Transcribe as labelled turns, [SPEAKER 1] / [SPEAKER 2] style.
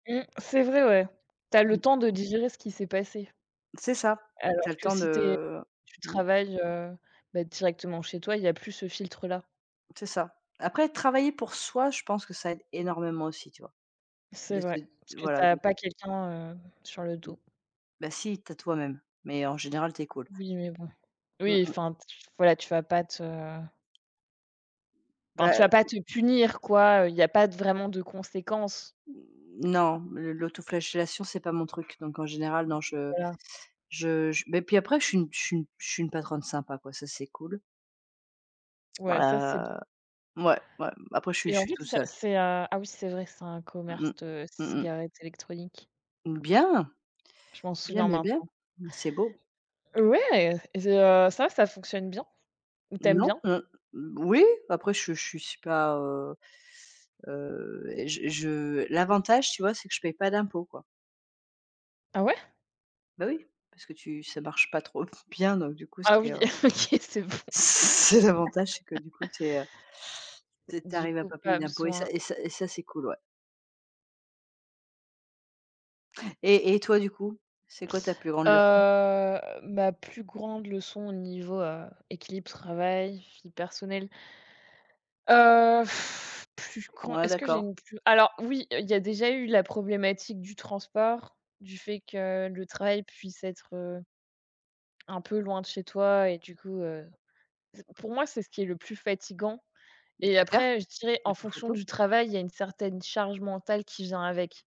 [SPEAKER 1] Mmh, c'est vrai ouais. Tu as le
[SPEAKER 2] Oui.
[SPEAKER 1] temps de digérer ce qui s'est passé.
[SPEAKER 2] C'est ça, tu
[SPEAKER 1] Alors
[SPEAKER 2] as le
[SPEAKER 1] que
[SPEAKER 2] temps
[SPEAKER 1] si tu es
[SPEAKER 2] de
[SPEAKER 1] si tu
[SPEAKER 2] mmh.
[SPEAKER 1] travailles, heu, bah directement chez toi, il y a plus ce filtre là.
[SPEAKER 2] C'est ça. Après travailler pour soi, je pense que ça aide énormément aussi tu vois,
[SPEAKER 1] C'est
[SPEAKER 2] de te
[SPEAKER 1] vrai, parce que tu
[SPEAKER 2] voilà,
[SPEAKER 1] as
[SPEAKER 2] de
[SPEAKER 1] pas quelqu'un, heu, sur le
[SPEAKER 2] Mmh.
[SPEAKER 1] dos.
[SPEAKER 2] Ben si, tu as toi même, mais en général tu es cool.
[SPEAKER 1] Oui, mais bon.
[SPEAKER 2] Mmh
[SPEAKER 1] Oui
[SPEAKER 2] mh.
[SPEAKER 1] enfin t voilà, tu vas pas te enfin, tu
[SPEAKER 2] Bah
[SPEAKER 1] vas pas te punir quoi, heu, il y a pas de vraiment de conséquences.
[SPEAKER 2] Non, l'au l'autoflagellation c'est pas mon truc. Donc en général non je
[SPEAKER 1] Voilà.
[SPEAKER 2] je je mais puis après je suis une je suis une je suis une patronne sympa quoi, ça c'est cool. Ouais,
[SPEAKER 1] Ouais, ça, c'est bien
[SPEAKER 2] heu, mouais mouais, après je suis
[SPEAKER 1] et
[SPEAKER 2] je
[SPEAKER 1] en
[SPEAKER 2] suis
[SPEAKER 1] fait
[SPEAKER 2] toute
[SPEAKER 1] c'est ça
[SPEAKER 2] seule.
[SPEAKER 1] c'est à ah oui c'est vrai, c'est un
[SPEAKER 2] Mmh mh.
[SPEAKER 1] commerce de
[SPEAKER 2] Mmh mh.
[SPEAKER 1] cigarettes électroniques.
[SPEAKER 2] Bien!
[SPEAKER 1] Je m'en
[SPEAKER 2] Bien,
[SPEAKER 1] souviens
[SPEAKER 2] bien, bien.
[SPEAKER 1] maintenant.
[SPEAKER 2] Bah c'est beau.
[SPEAKER 1] Ouais et heu, ça va, ça fonctionne bien? Ou tu aimes
[SPEAKER 2] Non
[SPEAKER 1] bien?
[SPEAKER 2] mmh. Moui, après je suis je suis pas, heu heu et je je l'avantage tu vois, c'est que je paye pas d'impôts, quoi.
[SPEAKER 1] Ah ouais?
[SPEAKER 2] Bah oui, parce que tu si ça marche pas trop bien, donc du coup
[SPEAKER 1] Ah
[SPEAKER 2] c'est,
[SPEAKER 1] oui.
[SPEAKER 2] heu
[SPEAKER 1] OK, c'est bon je
[SPEAKER 2] C'est
[SPEAKER 1] [unintelligible]
[SPEAKER 2] l'avantage c'est que du coup, tu es, heu tu es tu
[SPEAKER 1] Du
[SPEAKER 2] arrives à
[SPEAKER 1] coup,
[SPEAKER 2] pas payer
[SPEAKER 1] pas
[SPEAKER 2] d'impôts et ça
[SPEAKER 1] besoin
[SPEAKER 2] et ça et ça c'est cool, ouais et et toi du coup? C'est quoi ta plus grande leçon?
[SPEAKER 1] Heu, ma plus grande leçon au niveau, heu, équilibre travail, vie personnelle. Heu, plus qu'on
[SPEAKER 2] Ouais,
[SPEAKER 1] est-ce que j'ai
[SPEAKER 2] d'accord.
[SPEAKER 1] une plus alors oui! Heu, il y a déjà eu la problématique du transport, du fait que le travail puisse être, heu, un peu loin de chez toi et du coup, heu, pour moi c'est ce qui est le plus fatigant et
[SPEAKER 2] C'est clair,
[SPEAKER 1] après, je dirais
[SPEAKER 2] il y
[SPEAKER 1] en
[SPEAKER 2] a pas
[SPEAKER 1] fonction
[SPEAKER 2] photo.
[SPEAKER 1] du travail, il y a une certaine charge mentale qui vient avec.